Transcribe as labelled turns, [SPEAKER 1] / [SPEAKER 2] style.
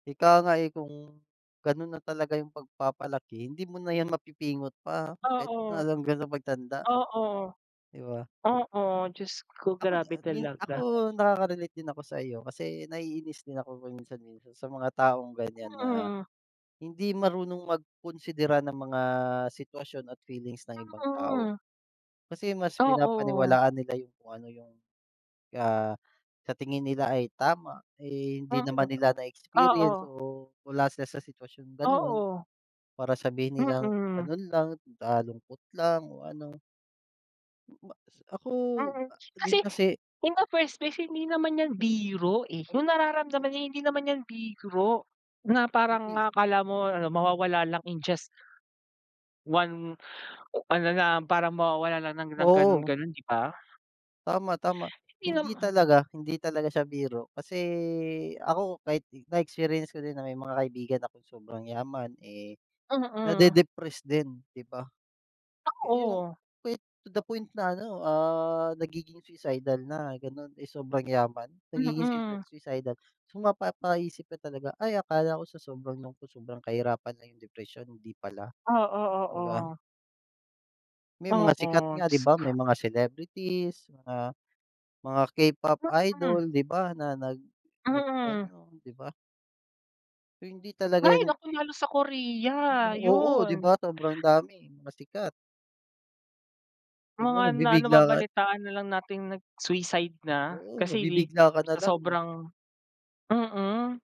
[SPEAKER 1] Ika nga, eh, kung ganun na talaga yung pagpapalaki, hindi mo na 'yan mapipingot pa kahit
[SPEAKER 2] Oo.
[SPEAKER 1] na hanggang sa pagtanda.
[SPEAKER 2] Oo.
[SPEAKER 1] Di ba?
[SPEAKER 2] Oo, jusko
[SPEAKER 1] Ako, da
[SPEAKER 2] grabe
[SPEAKER 1] hin ako,
[SPEAKER 2] talaga!
[SPEAKER 1] nakaka-relate din ako sa'yo. Kasi naiinis din ako paminsan-minsan sa mga taong ganiyan na,
[SPEAKER 2] Mm.
[SPEAKER 1] hindi marunong magkunsidera ng mga sitwasyon at feelings ng ibang tao.
[SPEAKER 2] Mm.
[SPEAKER 1] Kasi mas
[SPEAKER 2] Oo.
[SPEAKER 1] pinapaniwalaan nila yung kung ano yung, ah, sa tingin nila ay tama, eh, hindi
[SPEAKER 2] Mm.
[SPEAKER 1] naman nila na-experience
[SPEAKER 2] Oo.
[SPEAKER 1] o wala siya sa sitwasyong gano'n.
[SPEAKER 2] Oo.
[SPEAKER 1] Para sabihin nilang
[SPEAKER 2] Mm.
[SPEAKER 1] ganun lang, nalungkot lang o ano M bas ako,
[SPEAKER 2] Mm.
[SPEAKER 1] ah
[SPEAKER 2] Kasi,
[SPEAKER 1] din kasi
[SPEAKER 2] in the first place hindi naman 'yan biro, eh.
[SPEAKER 1] Oh,
[SPEAKER 2] Yung
[SPEAKER 1] o
[SPEAKER 2] nararamdaman niya hindi naman 'yan biro, na parang
[SPEAKER 1] Hindi.
[SPEAKER 2] akala mo ano, mawawala lang in just 1, o ano na, parang mawawala lang ng ng
[SPEAKER 1] Oo.
[SPEAKER 2] gano'n-gano'n, di ba?
[SPEAKER 1] Tama, tama.
[SPEAKER 2] Hindi
[SPEAKER 1] Hindi
[SPEAKER 2] naman
[SPEAKER 1] talaga, hindi talaga siya biro kasi ako, kahit i na-experience ko din na may mga kaibigan akong sobrang yaman, eh,
[SPEAKER 2] Mm.
[SPEAKER 1] nade-depressed din, di ba? Yung
[SPEAKER 2] Oo.
[SPEAKER 1] we to the point na ano, ah, nagiging suicidal na gano'n. Eh, sobrang yaman, nagiging sui
[SPEAKER 2] Mm.
[SPEAKER 1] suicidal. So, mapapaisip ka talaga, "Ay, akala ko sa sobrang lungkot, sobrang kahirapan lang yung depresyon, hindi pala."
[SPEAKER 2] Oo,
[SPEAKER 1] di ba?
[SPEAKER 2] oo.
[SPEAKER 1] May mga sikat
[SPEAKER 2] Oo,
[SPEAKER 1] nga, di ba? May
[SPEAKER 2] jusko.
[SPEAKER 1] mga celebrities, mga mga K-pop
[SPEAKER 2] Mm.
[SPEAKER 1] idol, di ba na nag
[SPEAKER 2] Mm.
[SPEAKER 1] nag-ano, di ba? So, hindi talaga
[SPEAKER 2] Hay
[SPEAKER 1] yun
[SPEAKER 2] naku, lalo sa Korea,
[SPEAKER 1] Oo, di
[SPEAKER 2] yun.
[SPEAKER 1] ba? Sobrang dami, mga sikat. Di ba
[SPEAKER 2] Mga na
[SPEAKER 1] nabibigla ka at
[SPEAKER 2] nababalitaan na lang nating nag-suicide na.
[SPEAKER 1] Oo,
[SPEAKER 2] Kasi
[SPEAKER 1] mabibigla ka na
[SPEAKER 2] sa
[SPEAKER 1] lang, eh.
[SPEAKER 2] sobrang mm.